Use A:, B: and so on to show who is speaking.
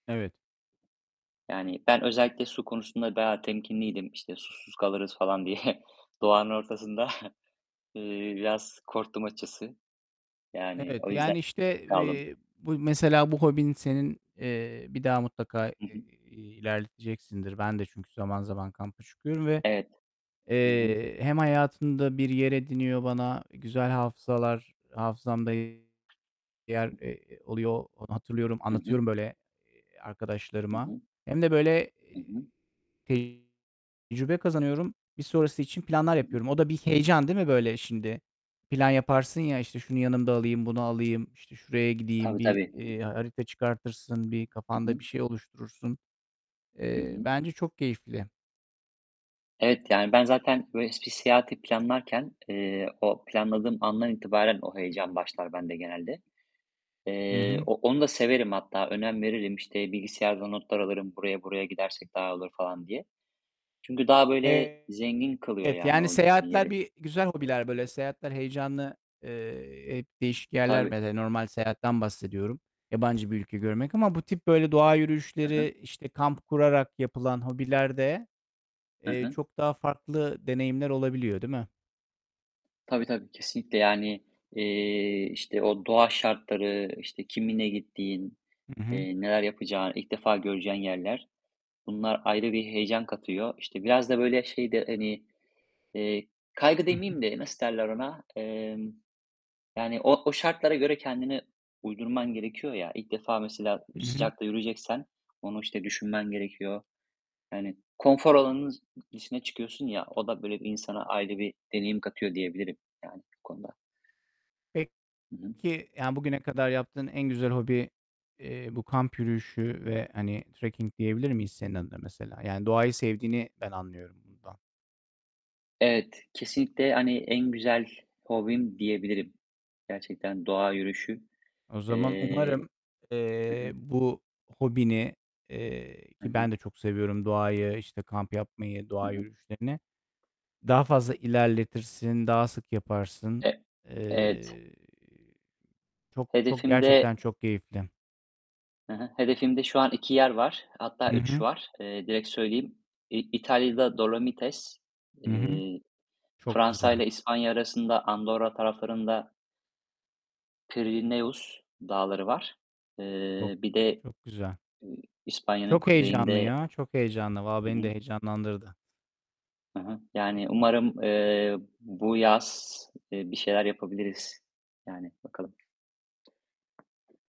A: Evet.
B: Yani, ben özellikle su konusunda daha temkinliydim, işte, susuz kalırız falan diye. Doğanın ortasında, eee, biraz korktum açıkçası. Yani
A: Evet,
B: o yüzden
A: yani, işte,
B: kaldım.
A: eee, bu mesela bu hobin senin, eee, bir daha mutlaka i
B: I hı.
A: i iii, ilerleteceksindir. Ben de çünkü zaman zaman kampa çıkıyorum ve,
B: Evet. Hı hı.
A: eee, hem hayatında bir yer ediniyor bana güzel hafızalar hafızamda yer, eee, oluyor. Hatırlıyorum,
B: Hı hı.
A: anlatıyorum böyle, eee,
B: I
A: arkadaşlarıma
B: hı.
A: hem de, böyle,
B: I hı.
A: eee, tecrübe kazanıyorum. Bir sonrası için planlar
B: Hı hı.
A: yapıyorum. O da bir heyecan değil mi böyle şimdi? Plan yaparsın ya, işte, şunu yanımda alayım, bunu alayım, işte, şuraya gideyim.
B: Tabii,
A: Bir,
B: tabii.
A: eee, harita çıkartırsın, bir
B: I
A: kafanda
B: hı.
A: bir şey oluşturursun.
B: Hı
A: Eee,
B: hı.
A: bence çok keyifli.
B: Evet, yani, ben zaten böyle bir seyahati planlarken, eee, o planladığım andan itibaren o heyecan başlar bende genelde.
A: Hı
B: Eee,
A: hı.
B: o onu da severim hatta, önem veririm. İşte, bilgisayarda notlar alırım buraya buraya gidersek daha olur diye. Çünkü daha, böyle,
A: Evet,
B: zengin kılıyor yani
A: yani
B: o gittiğin
A: seyahatler
B: yeri.
A: bir güzel hobiler. Böyle seyahatler heyecanlı, eee, hep değişik yerler.
B: Tabii.
A: Mesela normal seyahatten bahsediyorum. Yabancı bir ülke görmek. Ama bu tip böyle doğa
B: Hı hı.
A: yürüyüşleri, işte, kamp kurarak yapılan hobilerde,
B: Hı
A: eee,
B: hı.
A: çok daha farklı deneyimler olabiliyor, değil mi?
B: Tabii, tabii, kesinlikle. Yani, eee, işte, o doğa şartları, işte, kiminle gittiğin,
A: Hı hı.
B: eee, neler yapacağın, ilk defa göreceğin yerler. Bunlar ayrı bir heyecan katıyor. İşte, biraz da, böyle, şey de, hani, eee, kaygı
A: I hı.
B: demeyeyim de nasıl derler ona? Emm, yani o o şartlara göre kendini uydurman gerekiyor ya. İlk defa mesela
A: Hı hı.
B: sıcakta yürüyeceksen onu, işte, düşünmen gerekiyor. Yani konfor alanının z dışına çıkıyorsun ya, o da böyle insana ayrı bir deneyim katıyor diyebilirim yani konuda. Hı hı.
A: Peki, yani, bugüne kadar yaptığın en güzel hobi, eee, bu kamp yürüyüşü ve, hani, trekking diyebilir miyiz senin adına mesela? Yani doğayı sevdiğini ben anlıyorum bundan.
B: Evet, kesinlikle. Hani, en güzel hobim diyebilirim. Gerçekten doğa yürüyüşü.
A: O zaman
B: Eee
A: umarım,
B: hı
A: eee,
B: hı.
A: bu hobini, eee,
B: Hı
A: ki
B: hı.
A: ben de çok seviyorum doğayı, işte, kamp yapmayı,
B: Hı
A: doğa
B: hı.
A: yürüyüşlerini daha fazla ilerletirsin, daha sık yaparsın.
B: E evet.
A: Eee, çok çok
B: Hedefimde
A: gerçekten çok keyifli.
B: Hı hı. Hedefimde şu an 2 yer var, hatta
A: Hı
B: 3
A: hı.
B: var. Eee, direkt söyleyeyim. İ İtalya'da Dolomites,
A: Hı hı.
B: eee,
A: Çok güzel.
B: Fransa'yla İspanya arasında Andorra taraflarında Pirineus Dağları var.
A: Çok,
B: Eee, bir de,
A: çok güzel.
B: eee, İspanya'nın
A: Çok heyecanlı
B: kuzeyinde
A: ya. Çok heyecanlı. Valla
B: Hı
A: beni de
B: hı.
A: heyecanlandırdı.
B: Hı hı. Yani, umarım, eee, bu yaz, eee, bir şeyler yapabiliriz. Yani, bakalım.